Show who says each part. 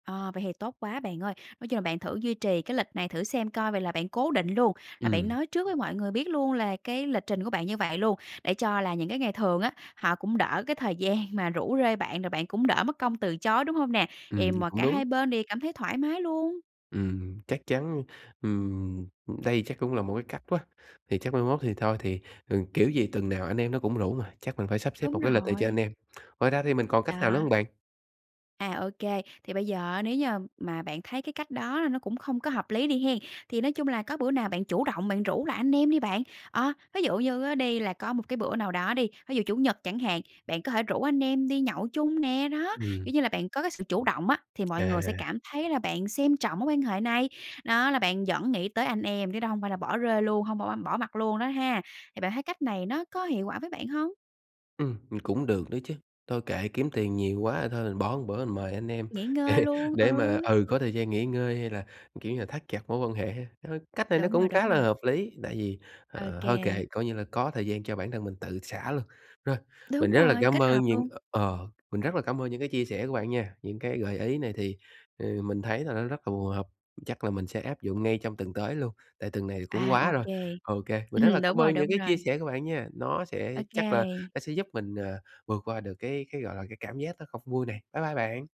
Speaker 1: Ờ, vậy thì tốt quá bạn ơi. Nói chung là bạn thử duy trì cái lịch này thử xem coi vậy là bạn cố định luôn, là bạn
Speaker 2: Ừm.
Speaker 1: nói trước với mọi người biết luôn là cái lịch trình của bạn như vậy luôn. Để cho là những cái ngày thường á, họ cũng đỡ cái thời gian mà rủ rê bạn rồi bạn cũng đỡ mất công từ chối, đúng hông nè?
Speaker 2: Ừm,
Speaker 1: Thì mà
Speaker 2: cũng
Speaker 1: cả
Speaker 2: đúng.
Speaker 1: hai bên đều cảm thấy thoải mái luôn.
Speaker 2: Ừm, chắc chắn ừm, ừm, đây chắc cũng là một cái cách quá, thì chắc mai mốt thì thôi, thì, ừ, kiểu gì tuần nào anh em nó cũng rủ mà, chắc mình phải sắp xếp một
Speaker 1: Đúng
Speaker 2: cái lịch này cho anh
Speaker 1: rồi.
Speaker 2: em. Ngoài ra thì mình còn cách nào nữa hông
Speaker 1: Đó.
Speaker 2: bạn?
Speaker 1: À, ô kê. Thì bây giờ á nếu như mà bạn thấy cái cách đó là nó cũng không có hợp lý đi hen. Thì nói chung là có bữa nào bạn chủ động bạn rủ lại anh em đi bạn. Ờ, ví dụ như á đi là có một cái bữa nào đó đi, ví dụ chủ nhật chẳng hạn, bạn có thể rủ anh em đi nhậu chung nè. Đó,
Speaker 2: Ừm.
Speaker 1: kiểu như là bạn có cái sự chủ động á, thì mọi người sẽ
Speaker 2: À.
Speaker 1: cảm thấy là bạn xem trọng mối quan hệ này. Đó là bạn vẫn nghĩ tới anh em, chứ đó hông phải là bỏ rơi luôn, hông bỏ bỏ mặt luôn đó ha. Thì bạn thấy cách này nó có hiệu quả với bạn hông?
Speaker 2: Ừm, ừm, cũng được đó chứ, thôi kệ, kiếm tiền nhiều quá thôi mình bỏ một bữa mình mời anh em
Speaker 1: Nghỉ ngơi
Speaker 2: để
Speaker 1: luôn.
Speaker 2: để mà
Speaker 1: Ừ.
Speaker 2: ừ, có thời gian nghỉ ngơi hay là, kiểu như là, thắt chặt mối quan hệ ha! Ơ, cách này nó
Speaker 1: Đúng rồi,
Speaker 2: cũng
Speaker 1: đúng
Speaker 2: khá là
Speaker 1: rồi.
Speaker 2: hợp lý, tại vì,
Speaker 1: Ô
Speaker 2: ờ, thôi
Speaker 1: kê.
Speaker 2: kệ coi như là có thời gian cho bản thân mình tự xả luôn. Rồi, mình
Speaker 1: Đúng
Speaker 2: rất là
Speaker 1: rồi,
Speaker 2: cám
Speaker 1: kết
Speaker 2: ơn
Speaker 1: hợp
Speaker 2: những
Speaker 1: luôn.
Speaker 2: ờ, ờ, mình rất là cảm ơn những cái chia sẻ của bạn nha, những cái gợi ý này thì, ừ, mình thấy là nó rất là phù hợp, chắc là mình sẽ áp dụng ngay trong tuần tới luôn, tại tuần này cũng
Speaker 1: À,
Speaker 2: quá
Speaker 1: ô
Speaker 2: rồi.
Speaker 1: kê.
Speaker 2: Ô kê, mình rất là
Speaker 1: đúng
Speaker 2: cám
Speaker 1: rồi,
Speaker 2: ơn những
Speaker 1: đúng
Speaker 2: cái chia
Speaker 1: rồi.
Speaker 2: sẻ của bạn nha, nó
Speaker 1: Ô
Speaker 2: sẽ chắc là
Speaker 1: kê.
Speaker 2: nó sẽ giúp mình, à, vượt qua được cái cái, gọi là, cái cảm giác nó không vui này. Bye bye bạn.